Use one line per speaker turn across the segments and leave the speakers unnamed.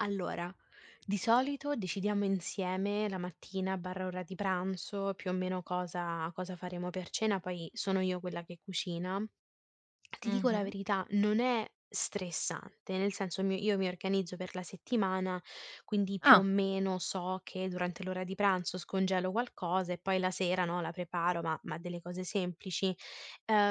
Allora, di solito decidiamo insieme la mattina/ora di pranzo più o meno cosa cosa faremo per cena, poi sono io quella che cucina. Ti dico la
Mh-mh.
verità, non è stressante, nel senso mi io mi organizzo, per la settimana, quindi più o
Ah.
meno so che durante l'ora di pranzo scongelo qualcosa, e poi la sera, no, la preparo, ma ma delle cose semplici,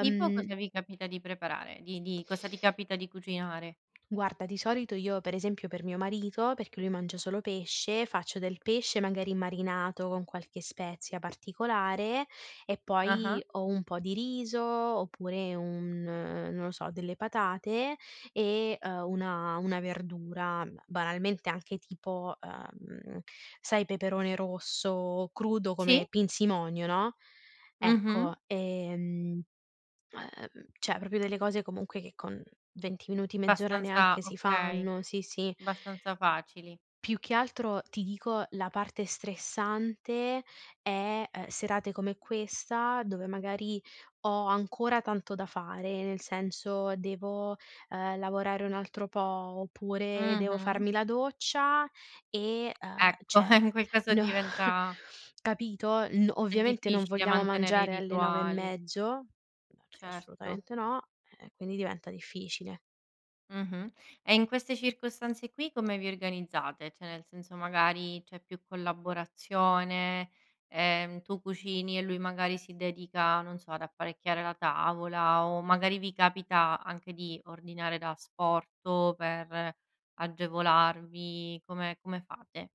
Tipo cosa vi capita di preparare? Di di cosa ti capita di cucinare?
Guarda, di solito io pre esempio, per mio marito, perché lui mangia solo pesce, faccio del pesce magari marinato con qualche spezia particolare, e
Ah-ah.
poi o un po' di riso oppure un non lo so, delle patate e, ehm, una una verdura, banalmente anche tipo, ehm, sai peperone rosso, crudo come
Sì.
pinzimonio, no.
Mh-mh.
Ecco, e, mhmm, ehm, cioè proprio delle cose comunque che con 20 minuti, mezz'ora
Abbastanza
neanche si
okay,
fanno sì, sì.
abbastanza facili.
Più che altro ti dico la parte stressante è, ehm, serate come questa, dove magari ho ancora tanto da fare, nel senso devo, ehm, lavorare un altro po', oppure devo
Mh-mh.
farmi la doccia e, ehm,
Ecco, e
cioè
in quel caso
no
diventa
capito? N
È
ovviamente non
difficile,
vogliamo
mantenere i
mangiare alle 9 e
rituali.
mezzo, ehm, perché
Certo.
assolutamente no, ehm, quindi diventa difficile.
Mh-mh, e in queste circostanze qui come vi organizzate? Cioè nel senso magari c'è più collaborazione, ehm, tu cucini e lui magari si dedica, non so, ad apparecchiare la tavola o magari vi capita anche di ordinare da asporto per agevolarvi, come come fate?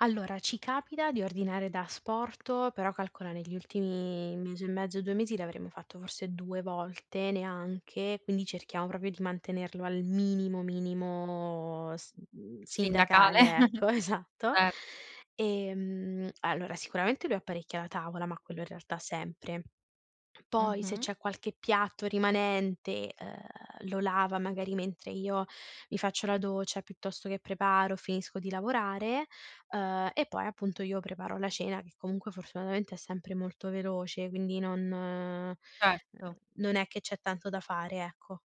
Allora, ci capita di ordinare da asporto, però calcola negli ultimi mese e mezzo 2 mesi l'avremo fatto forse 2 volte neanche, quindi cerchiamo proprio di mantenerlo al minimo minimo s mhmm,
Sindacale.
sindacale ecco esatto.
Certo.
Ehm, allora sicuramente lui apparecchia la tavola, ma quello in realtà sempre. Poi se
Mh-mh.
c'è qualche piatto rimanente, ehm, lo lava magari mentre io mi faccio la doccia, piuttosto che preparo, finisco di lavorare, uhm, e poi appunto io preparo la cena che comunque fortunatamente è sempre molto veloce, quindi non, ehm,
Certo.
non è che c'è tanto da fare, ecco.